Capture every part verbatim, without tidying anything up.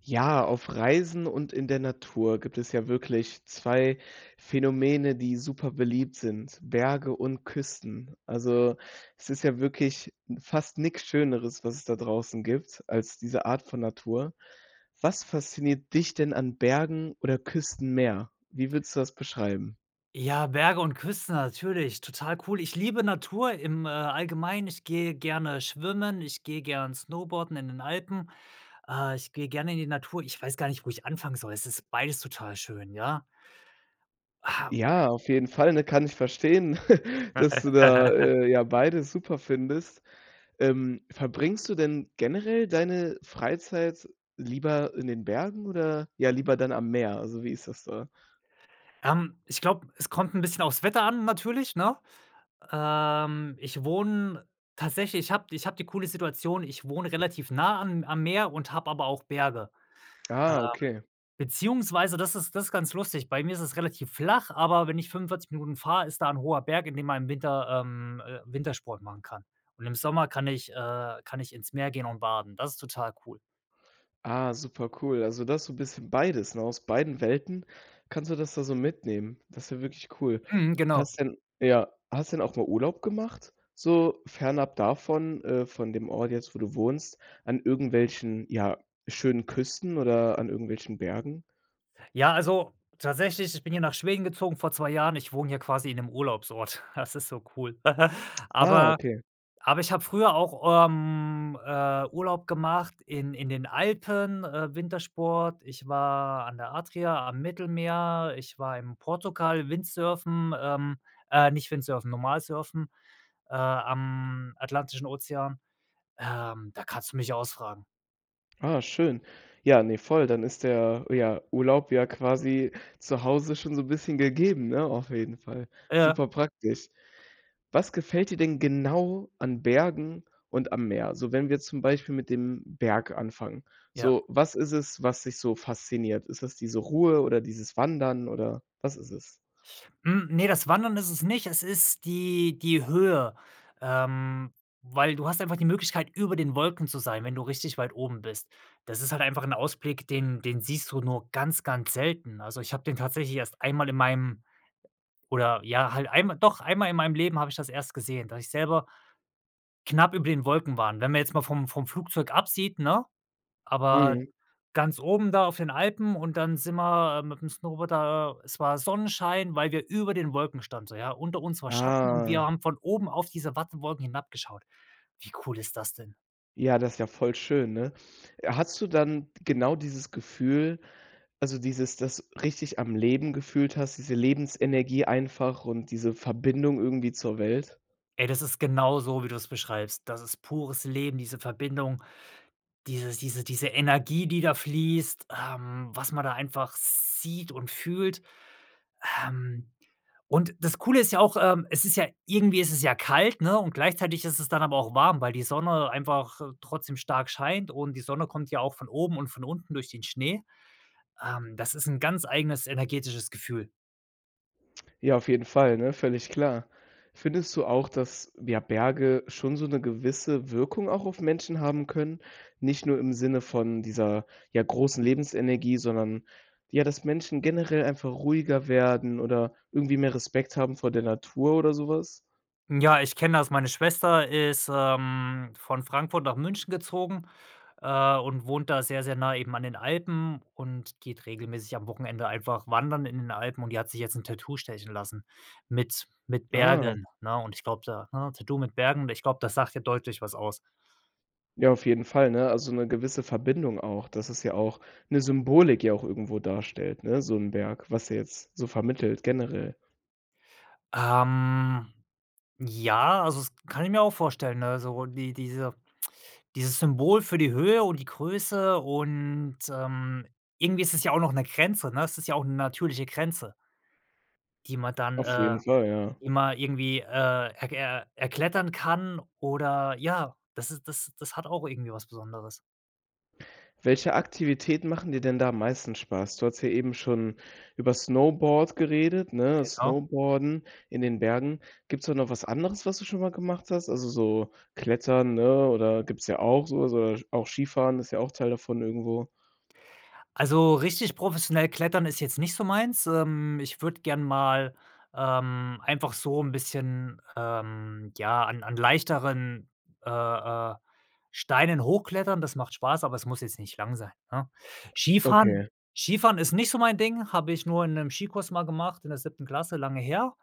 Ja, auf Reisen und in der Natur gibt es ja wirklich zwei Phänomene, die super beliebt sind: Berge und Küsten. Also, es ist ja wirklich fast nix schöneres, was es da draußen gibt als diese Art von Natur. Was fasziniert dich denn an Bergen oder Küsten mehr? Wie würdest du das beschreiben? Ja, Berge und Küste natürlich, total cool. Ich liebe Natur im, äh, Allgemeinen. Ich gehe gerne schwimmen, ich gehe gern Snowboarden in den Alpen. Äh, ich gehe gerne in die Natur. Ich weiß gar nicht, wo ich anfangen soll, es ist beides total schön, ja? Ha Ja, auf jeden Fall, ne? Kann ich verstehen, dass du da, äh, ja beides super findest. Ähm, verbringst du denn generell deine Freizeit lieber in den Bergen oder, ja, lieber dann am Meer? Also, wie ist das da? Ähm, ich glaube, es kommt 'n bisschen aufs Wetter an, natürlich, ne? Ähm, ich wohne tatsächlich ich habe ich habe die coole Situation, ich wohne relativ nah am am Meer und habe aber auch Berge. Ähm, Ah, okay. beziehungsweise das ist das ist ganz lustig. Bei mir ist es relativ flach, aber wenn ich 45 Minuten fahr, ist da 'n hoher Berg, in dem man im Winter, ähm, äh, Wintersport machen kann. Und im Sommer kann ich äh, kann ich ins Meer gehen und baden. Das ist total cool. Ah, super cool. Also du hast so 'n bisschen beides, ne? Aus beiden Welten kannst du das da so mitnehmen. Das ist ja wirklich cool. Mhm, genau. Hast denn ja, hast denn auch mal Urlaub gemacht, so fernab davon äh, von dem Ort jetzt, wo du wohnst, an irgendwelchen ja, schönen Küsten oder an irgendwelchen Bergen? Ja, also, tatsächlich, ich bin hier nach Schweden gezogen vor zwei Jahren. Ich wohne hier quasi in 'nem Urlaubsort. Das ist so cool. Ah, Aber okay. aber ich habe früher auch, ähm, äh, Urlaub gemacht in in den Alpen, äh, Wintersport. Ich war an der Adria am Mittelmeer. Ich war im Portugal, Windsurfen, ähm, äh, nicht Windsurfen, normal surfen, äh, am Atlantischen Ozean. Ähm, da kannst du mich ausfragen. Ah, schön. Ja, ne, voll. Dann ist der, ja, Urlaub ja quasi zu Hause schon so bisschen gegeben, ne, auf jeden Fall. Ja. Superpraktisch. Was gefällt dir denn genau an Bergen und am Meer? Also, wenn wir zum Beispiel mit dem Berg anfangen. Ja. So, was ist es, was dich so fasziniert? Ist das diese Ruhe oder dieses Wandern oder was ist es? Hm, ne, das Wandern ist es nicht. Es ist die die Höhe, ähm, weil du hast einfach die Möglichkeit über den Wolken zu sein, wenn du richtig weit oben bist. Das ist halt einfach 'n Ausblick, den den siehst du nur ganz, ganz selten. Also, ich habe den tatsächlich erst einmal in meinem oder, ja, halt einmal doch einmal in meinem Leben habe ich das erst gesehen, dass ich selber knapp über den Wolken waren. Wenn man jetzt mal vom vom Flugzeug absieht, ne, aber Mhm. ganz oben da auf den Alpen und dann sind wir mit 'nem Snowboard da es war Sonnenschein, weil wir über den Wolken standen, so, ja. Unter uns war Schatten und wir Ah. haben von oben auf diese Wattenwolken hinabgeschaut. Wie cool ist das denn? Ja, das ist ja voll schön, ne? Äh, hattest du dann d genau dieses Gefühl, also, dieses das richtig am Leben gefühlt hast, diese Lebensenergie einfach und diese Verbindung irgendwie zur Welt? Ey, das ist genau so, wie du es beschreibst. Das ist pures Leben, diese Verbindung, dieses diese diese Energie, die da fließt, ähm, was man da einfach sieht und fühlt. Ähm, und das Coole ist ja auch, ähm, es ist ja irgendwie ist es ja kalt, ne, und gleichzeitig ist es dann aber auch warm, weil die Sonne einfach trotzdem stark scheint und die Sonne kommt ja auch von oben und von unten durch den Schnee. Ähm, das ist 'n ganz eigenes energetisches Gefühl. Ja, auf jeden Fall, ne, völlig klar. Findest du auch, dass, ja, Berge schon so 'ne gewisse Wirkung auch auf Menschen haben können, nicht nur im Sinne von dieser, ja, großen Lebensenergie, sondern, ja dass Menschen generell einfach ruhiger werden oder irgendwie mehr Respekt haben vor der Natur oder so was? Ja, ich kenne das, meine Schwester ist, ähm, von Frankfurt nach München gezogen, äh, und wohnt da sehr sehr nah eben an den Alpen und geht regelmäßig am Wochenende einfach wandern in den Alpen und die hat sich jetzt 'n Tattoo stechen lassen mit mit Ah. Bergen, ne und ich glaube da, hä Tattoo mit Bergen und ich glaube, das sagt ja deutlich was aus. Ja, auf jeden Fall, ne, also so 'ne gewisse Verbindung auch. Dass es ja auch 'ne Symbolik ja auch irgendwo darstellt, ne, so 'n Berg, was er jetzt so vermittelt generell. Ähm, ja, also, das kann ich mir auch vorstellen. Also, die diese dieses Symbol für die Höhe und die Größe und, ähm irgendwie ist es ja auch noch ne Grenze, ne? Es ist ja auch 'ne natürliche Grenze die man dann, Auf äh, jeden Fall, ja. immer irgendwie, äh, erk äh, erklettern kann oder, ja das ist das das hat auch irgendwie was Besonderes. Welche Aktivitäten machen dir denn da am meisten Spaß? Du hattest hier eben schon über Snowboard geredet, ne Genau. snowboarden in den Bergen. Gibt's da noch was anderes, was du schon mal gemacht hast? Also, so Klettern, ne, oder gibt's ja auch so oder so auch Skifahren ist ja auch Teil davon irgendwo. Also, richtig professionell klettern ist jetzt nicht so meins. Ähm, ich würde gern mal, ähm, einfach so 'n bisschen, ähm, ja, an an leichteren, äh, äh, Steinen hochklettern. Das macht Spaß, aber es muss jetzt nicht lang sein, ne? Skifahren Okay. Skifahren ist nicht so mein Ding, habe ich nur in 'nem Skikurs mal gemacht in der siebten Klasse, lange her.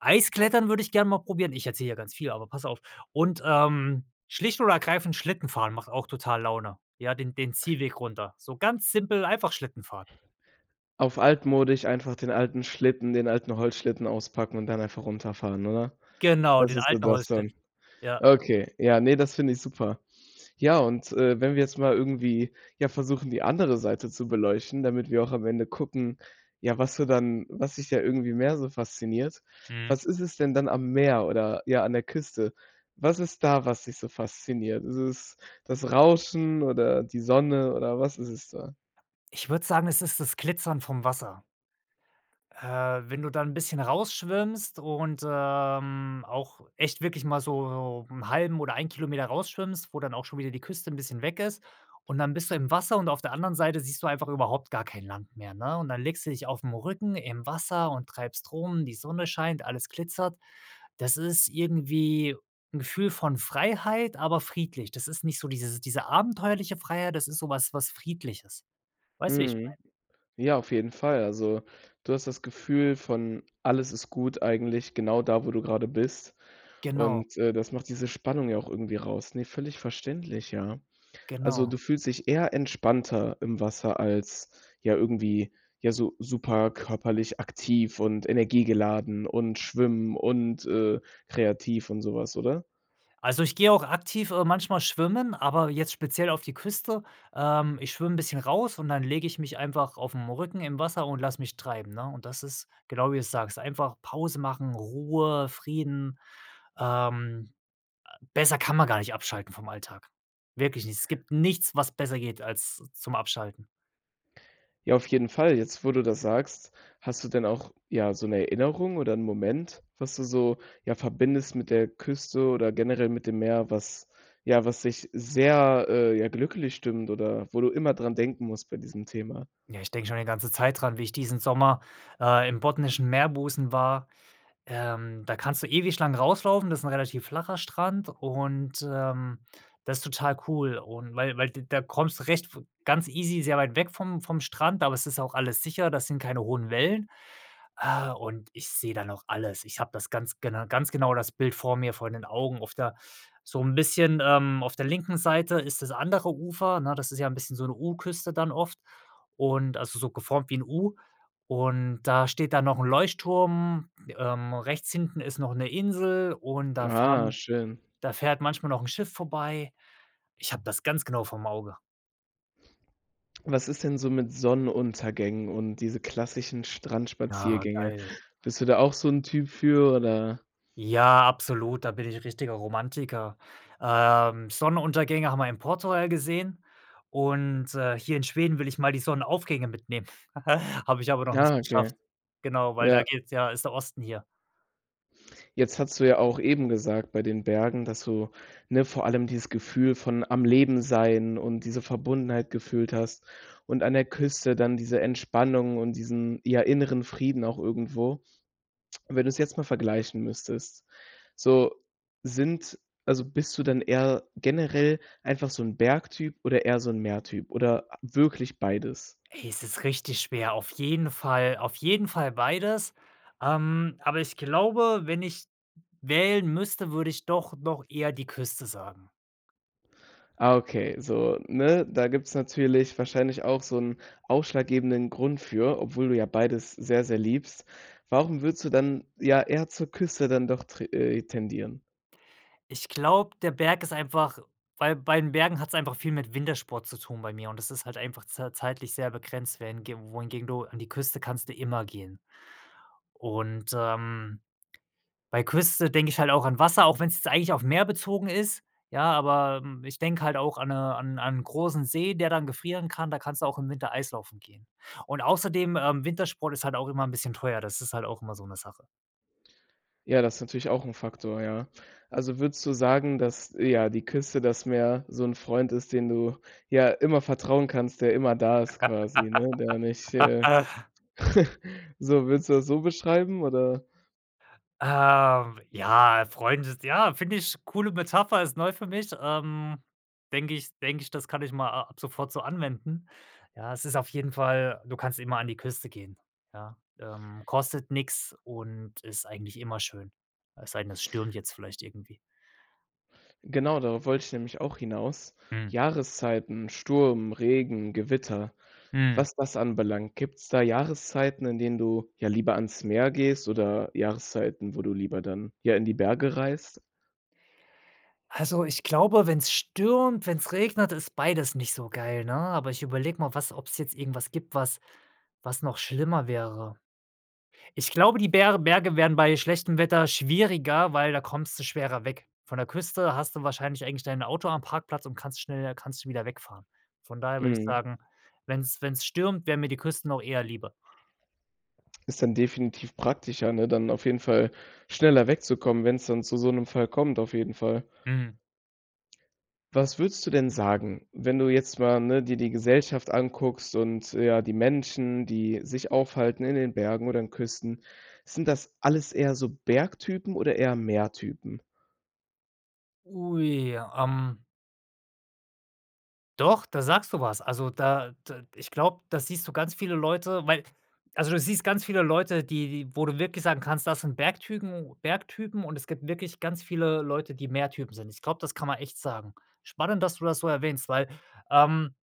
Eis-Klettern würde ich gerne mal probieren ich erzähle hier ganz viel, aber pass auf. Und, ähm, schlicht und ergreifend Schlittenfahren macht auch total Laune, ja, den den Ziehweg runter. So ganz simpel, einfach Schlittenfahren. Auf altmodisch, einfach den alten Schlitten den alten Holzschlitten auspacken und dann einfach runterfahren, oder? Genau, Das den ist so alten das Holzschlitt dann. ja. Okay, ja, ne, das finde ich super. Ja und, äh, wenn wir jetzt mal irgendwie, ja, versuchen, die andere Seite zu beleuchten, damit wir auch am Ende gucken, ja, was du dann was dich da irgendwie mehr so fasziniert. Mhm. Was ist es denn dann am Meer oder ja, an der Küste? Was ist da, was dich so fasziniert? Ist es das Rauschen oder die Sonne oder was ist es da? Ich würde sagen, es ist das Glitzern vom Wasser. Äh, wenn du da 'n bisschen rausschwimmst und, ähm, auch echt wirklich mal so so 'n halben oder einen Kilometer rausschwimmst, wo dann auch schon wieder die Küste 'n bisschen weg ist. Und dann bist du im Wasser und auf der anderen Seite siehst du einfach überhaupt gar kein Land mehr, ne? Und dann legst du dich aufm Rücken im Wasser und treibst rum, die Sonne scheint, alles glitzert. Das ist irgendwie 'n Gefühl von Freiheit, aber friedlich. Das ist nicht so dieses diese abenteuerliche Freiheit, das ist so was was friedliches. Weißt du wie ich meine? Mhm. Ja, auf jeden Fall. Also, du hast das Gefühl von: Alles ist gut eigentlich, genau da, wo du grade bist Genau. und, äh, das macht diese Spannung ja auch irgendwie raus, ne? Völlig verständlich, ja. Also, Genau. du fühlst dich eher entspannter im Wasser als, ja, irgendwie, ja, so super körperlich aktiv und energiegeladen und schwimmen und, äh, kreativ und so was, oder? Also, ich gehe auch aktiv, äh, manchmal schwimmen, aber jetzt speziell auf die Küste, ähm ich schwimme 'n bisschen raus und dann lege ich mich einfach aufm Rücken im Wasser und lasse mich treiben, ne, und das ist genau wie du's sagst, einfach Pause machen, Ruhe, Frieden. Ähm, äh, besser kann man gar nicht abschalten vom Alltag. Wirklich nicht. Es gibt nichts, was besser geht als zum Abschalten. Ja, auf jeden Fall. Jetzt, wo du das sagst, hast du denn auch, ja, so 'ne Erinnerung oder 'n Moment, was du so, ja, verbindest mit der Küste oder generell mit dem Meer, was ja, was sich sehr, äh, ja glücklich stimmt oder wo du immer dran denken musst bei diesem Thema? Ja, ich denke schon eine ganze Zeit dran, wie ich diesen Sommer, äh, im botnischen Meerbusen war. Ähm, da kannst du ewig lang rauslaufen, das ist 'n relativ flacher Strand und, ähm, das ist total cool und weil weil d da kommst du recht ganz easy sehr weit weg vom vom Strand, aber es ist ja auch alles sicher, da sind keine hohen Wellen. Äh, und ich sehe da noch alles. Ich habe das ganz gena ganz genau das Bild vor mir, vor den Augen. Auf der so 'n bisschen, ähm, auf der linken Seite ist das andere Ufer, 'ne? Das ist ja 'n bisschen so 'ne U-Küste dann oft und also so geformt wie 'n U und da steht da noch 'n Leuchtturm, ähm, rechts hinten ist noch 'ne Insel und da Ah, fahren schön. da fährt manchmal noch 'n Schiff vorbei. Ich habe das ganz genau vorm Auge. Was ist denn so mit Sonnenuntergängen und diese klassischen Ah, Strandspaziergänge? geil. Bist du da auch so 'n Typ für oder? Ja, absolut, da bin ich richtiger Romantiker. Ähm, Sonnenuntergänge haben wir in Portugal gesehen und, äh, hier in Schweden will ich mal die Sonnenaufgänge mitnehmen. Habe ich aber noch Ah, nicht okay. geschafft. Genau, weil da Ja. geht's ja ist der Osten hier. Jetzt hattest du ja auch eben gesagt bei den Bergen, dass du, ne, vor allem „dieses Gefühl von am Leben Sein und diese Verbundenheit gefühlt hast und an der Küste dann diese Entspannung und diesen, ja, inneren Frieden auch irgendwo“. Wenn du es jetzt mal vergleichen müsstest, so sind also, bist du dann eher generell einfach so 'n Berg-Typ oder eher so 'n Meer-Typ oder wirklich beides? Ey, es ist richtig schwer, auf jeden Fall, auf jeden Fall beides, ähm, aber ich glaube, wenn ich wählen müsste, würde ich doch noch eher die Küste sagen. Ah, okay, so, ne, da gibt es natürlich wahrscheinlich auch so 'n ausschlaggebenden Grund für, obwohl du ja beides sehr, sehr liebst. Warum würdest du dann, ja, eher zur Küste dann doch tr äh, tendieren? Ich glaube, der Berg ist einfach weil bei den Bergen hat es einfach viel mit Wintersport zu tun bei mir und das ist halt einfach z zeitlich sehr begrenzt, während g wohingegen du an die Küste kannst du immer gehen. Und, ähm, bei Küste denke ich halt auch an Wasser, auch wenn es jetzt eigentlich auf Meer bezogen ist, ja, aber, hm, ich denke halt auch an ne an n' an n' großen See, der dann gefrieren kann, da kannst du auch im Winter Eislaufen gehen. Und außerdem, ähm, Wintersport ist halt auch immer 'n bisschen teuer, das ist halt auch immer so 'ne Sache. Ja, das ist natürlich auch 'n Faktor, ja. Also, würdest du sagen, dass, ja, die Küste, das Meer so 'n Freund ist, den du ja immer vertrauen kannst, der immer da ist quasi, ne, der nicht, äh, so würdest du das so beschreiben, oder? Ähm, ja, äh, Freunde ja, finde ich coole Metapher ist neu für mich. Ähm, denke ich denke ich, das kann ich mal a ab sofort so anwenden. Ja, es ist auf jeden Fall du kannst immer an die Küste gehen, ja? Ähm, kostet nix und ist eigentlich immer schön. Es sei denn, es stürmt jetzt vielleicht irgendwie. Genau, darauf wollte ich nämlich auch hinaus. Hm. Jahreszeiten, Sturm, Regen, Gewitter, Mhm. was das anbelangt. Gibt's da Jahreszeiten, in denen du, ja, lieber ans Meer gehst oder Jahreszeiten, wo du lieber dann, ja, in die Berge reist? Also, ich glaube, wenn's stürmt, wenn's regnet, ist beides nicht so geil, ne? Aber ich überlege mal was ob's jetzt irgendwas gibt, was was noch schlimmer wäre. Ich glaube, die Ber Berge wären bei schlechtem Wetter schwieriger, weil da kommst du schwerer weg. Von der Küste hast du wahrscheinlich eigentlich dein Auto am Parkplatz und kannst schneller kannst du wieder wegfahren. Von daher würde ich Mhm. sagen, wenn's wenn's stürmt, wäre mir die Kürste noch eher lieber. Ist dann definitiv praktischer, ne? Dann auf jeden Fall schneller wegzukommen, wenn's dann zu so 'nem Fall kommt auf jeden Fall. Mhm. Was würdest du denn sagen, wenn du jetzt mal, ne, dir die Gesellschaft anguckst und ja, die Menschen, die sich aufhalten in den Bergen oder in Küsten, sind das alles eher so Bergtypen oder eher Meertypen? Ui, ähm. Doch, da sagst du was. Also, da d ich glaube, da siehst du ganz viele Leute, weil also, du siehst ganz viele Leute, die die wo du wirklich sagen kannst, das sind Bergtypen, u Bergtypen und es gibt wirklich ganz viele Leute, die Meertypen sind. Ich glaube, das kann man echt sagen. Spannend, dass du das so erwähnst, weil, ähm,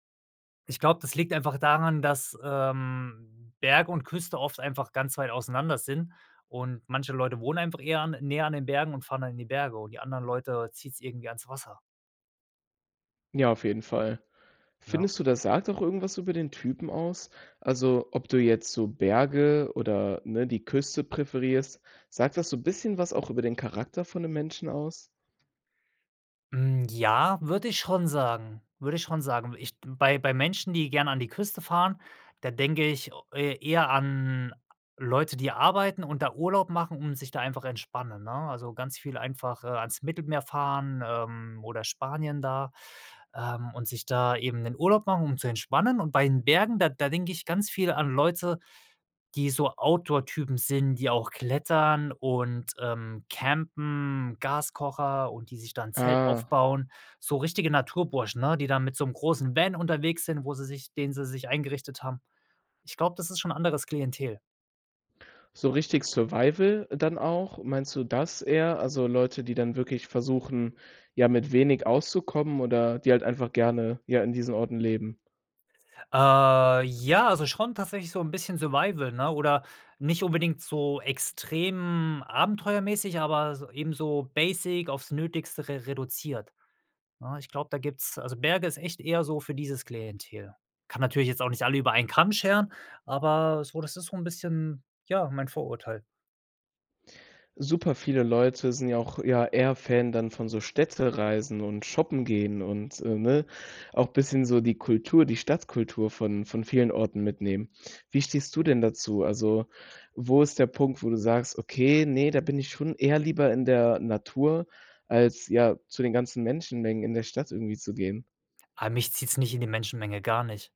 ich glaube, das liegt einfach daran, dass, ähm, Berg und Küste oft einfach ganz weit auseinander sind und manche Leute wohnen einfach eher an näher an den Bergen und fahren dann in die Berge und die anderen Leute zieht's irgendwie ans Wasser. Ja, auf jeden Fall. Ja. Findest du, das sagt auch irgendwas über den Typen aus? Also, ob du jetzt so Berge oder ne, die Küste präferierst, sagt das so 'n bisschen was auch über den Charakter von 'nem Menschen aus? Hm, ja, würde ich schon sagen, würde ich schon sagen. Ich bei bei Menschen, die gern an die Küste fahren, da denke ich o e eher an Leute, die arbeiten und da Urlaub machen, um sich da einfach entspannen, ne? Also, ganz viel einfach ans Mittelmeer fahren, ähm, oder Spanien da, ähm, und sich da eben 'nen Urlaub machen, um zu entspannen. Und bei den Bergen, da da denke ich ganz viel an Leute, die so Outdoor-Typen sind, die auch klettern und, ähm, Campen, Gaskocher und die sich da 'n Zelt Ah. aufbauen, so richtige Naturburschen, ne? Die da mit so 'nem großen Van unterwegs sind, wo sie sich den sie sich eingerichtet haben. Ich glaube, das ist schon 'n anderes Klientel. So richtig Survival dann auch? Meinst du das eher? Also Leute, die dann wirklich versuchen, ja mit wenig auszukommen oder die halt einfach gerne ja in diesen Orten leben? Äh, ja also schon tatsächlich so 'n bisschen Survival, ne? Oder nicht unbedingt so extrem abenteuermäßig aber s ebenso basic aufs Nötigste re reduziert, ne? Ich glaube da gibt's also Berge ist echt eher so für dieses Klientel. Kann natürlich jetzt auch nicht alle über einen Kamm scheren, aber so das ist so 'n bisschen, ja, mein Vorurteil. Super viele Leute sind ja auch ja eher eher Fan dann von so Städtereisen und shoppen gehen und, äh, ne? Auch bisschen so die Kultur, die Stadtkultur von von vielen Orten mitnehmen. Wie stehst du denn dazu? Also, wo ist der Punkt, wo du sagst, okay, ne, da bin ich schon eher lieber in der Natur als, ja, zu den ganzen Menschenmengen in der Stadt irgendwie zu gehen? Ah, mich zieht's nicht in die Menschenmenge, gar nicht,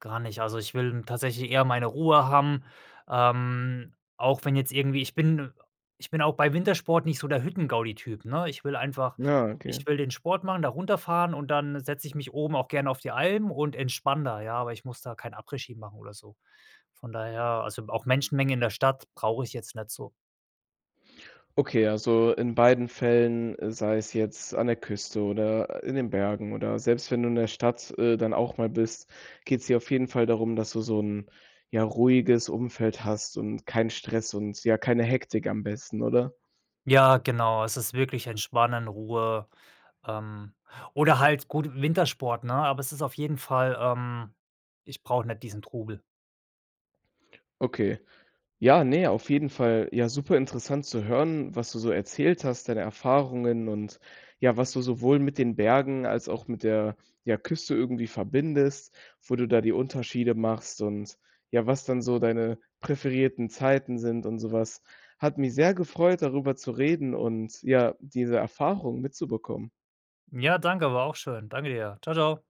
gar nicht. Also, ich will tatsächlich eher meine Ruhe haben, ähm, auch wenn jetzt irgendwie ich bin ich bin auch bei Wintersport nicht so der Hüttengaudi-Typ, ne? Ich will einfach Ja, ich okay. will den Sport machen da runterfahren und dann setze ich mich oben auch gerne auf die Alm und entspanne da, ja, aber ich muss da kein Après-Ski machen oder so. Von daher, also auch Menschenmengen in der Stadt brauche ich jetzt nicht so. Okay, also in beiden Fällen, sei es jetzt an der Küste oder in den Bergen oder selbst wenn du in der Stadt, äh, dann auch mal bist, geht's dir auf jeden Fall darum, dass du so 'n ja ruhiges Umfeld hast und keinen Stress und, ja, keine Hektik am besten, oder? Ja genau. Es ist wirklich Entspannen, Ruhe, ähm, oder halt gut Wintersport, ne? Aber es ist auf jeden Fall ähm, ich brauche nicht diesen Trubel. Okay. Ja, ne, auf jeden Fall, ja, superinteressant zu hören, was du so erzählt hast, deine Erfahrungen und ja, was du sowohl mit den Bergen als auch mit der, ja, Küste irgendwie verbindest, wo du da die Unterschiede machst und ja, was dann so deine präferierten Zeiten sind und so was. Hat mich sehr gefreut, darüber zu reden und ja, diese Erfahrung mitzubekommen. Ja danke, war auch schön. Danke dir. Tschau, tschau.